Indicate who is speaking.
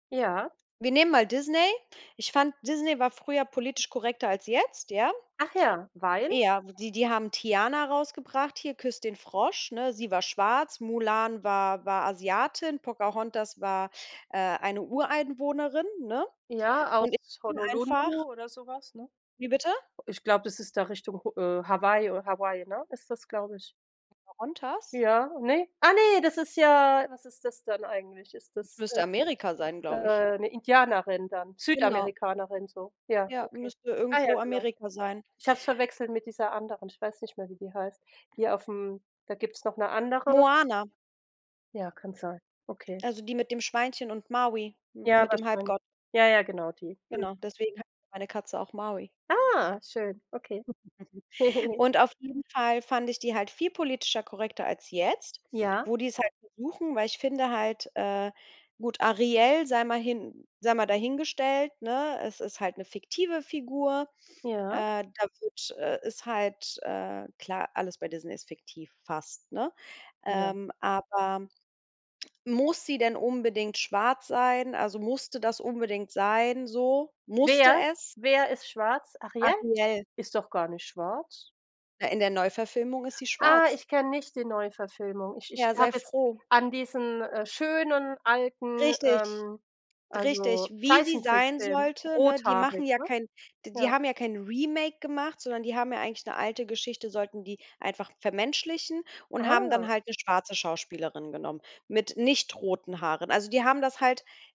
Speaker 1: Ja.
Speaker 2: Wir nehmen mal Disney. Ich fand, Disney war früher politisch korrekter als jetzt, ja?
Speaker 1: Ach ja, weil?
Speaker 2: Ja, die die haben Tiana rausgebracht hier, „Küss den Frosch“, ne? Sie war schwarz, Mulan war war Asiatin, Pocahontas war, äh, eine Ureinwohnerin, ne?
Speaker 1: Ja,
Speaker 2: Und ich
Speaker 1: aus
Speaker 2: finde
Speaker 1: Honolulu
Speaker 2: einfach
Speaker 1: oder so was, ne?
Speaker 2: Wie bitte?
Speaker 1: Ich glaube, das ist da Richtung H äh, Hawaii oder Hawaii, ne, ist das, glaube ich.
Speaker 2: Pocahontas?
Speaker 1: Ja, ne? Ah, ne, das ist ja was ist das dann eigentlich? Ist
Speaker 2: Das
Speaker 1: das,
Speaker 2: müsste Amerika sein,
Speaker 1: äh,
Speaker 2: glaube ich.
Speaker 1: äh, 'ne Indianerin dann,
Speaker 2: Genau.
Speaker 1: Südamerikanerin, so? Ja,
Speaker 2: Ja,
Speaker 1: okay.
Speaker 2: müsste
Speaker 1: Ah ja,
Speaker 2: irgendwo
Speaker 1: genau.
Speaker 2: Amerika sein.
Speaker 1: Ich habe es verwechselt mit dieser anderen, ich weiß nicht mehr, wie die heißt hier auf'm da gibt's noch 'ne andere.
Speaker 2: Moana.
Speaker 1: Ja, kann sein, okay.
Speaker 2: Also, die mit dem Schweinchen und Maui, m
Speaker 1: Ja,
Speaker 2: mit dem
Speaker 1: wahrscheinlich.
Speaker 2: Halbgott.
Speaker 1: Ja, ja, genau, die. Mhm.
Speaker 2: Genau, deswegen heißt meine Katze auch Maui.
Speaker 1: Ah. Schön, okay.
Speaker 2: Und auf jeden Fall fand ich die halt viel politischer korrekter als jetzt,
Speaker 1: Ja?
Speaker 2: wo die's halt versuchen, weil ich finde halt, äh, gut, Ariel sei mal hin sei mal dahingestellt, ne, es ist halt 'ne fiktive Figur,
Speaker 1: Ja?
Speaker 2: äh, da wird äh, ist halt, äh, klar, alles bei Disney ist fiktiv fast, ne?
Speaker 1: Ja.
Speaker 2: Ähm, aber muss sie denn unbedingt schwarz sein, also musste das unbedingt sein, so? Musste
Speaker 1: Wer
Speaker 2: es?
Speaker 1: wer ist schwarz? Ariel?
Speaker 2: Ariel.
Speaker 1: Ist doch gar nicht schwarz.
Speaker 2: Ja, in der Neuverfilmung ist sie
Speaker 1: Ah,
Speaker 2: schwarz.
Speaker 1: ich kenne nicht die Neuverfilmung. Ich ich
Speaker 2: Ja, sei
Speaker 1: habe jetzt
Speaker 2: froh.
Speaker 1: an diesen, äh, schönen, alten,
Speaker 2: Richtig,
Speaker 1: ähm, also
Speaker 2: richtig. Wie sie sein
Speaker 1: Zeichentrickfilm
Speaker 2: sollte, ne, die machen
Speaker 1: rothaarig,
Speaker 2: ja
Speaker 1: ne?
Speaker 2: kein d die
Speaker 1: Ja.
Speaker 2: haben ja kein Remake gemacht, sondern die haben ja eigentlich 'ne alte Geschichte sollten die einfach vermenschlichen und haben dann
Speaker 1: Ah.
Speaker 2: halt 'ne schwarze Schauspielerin genommen mit nicht roten Haaren. Also, die haben das halt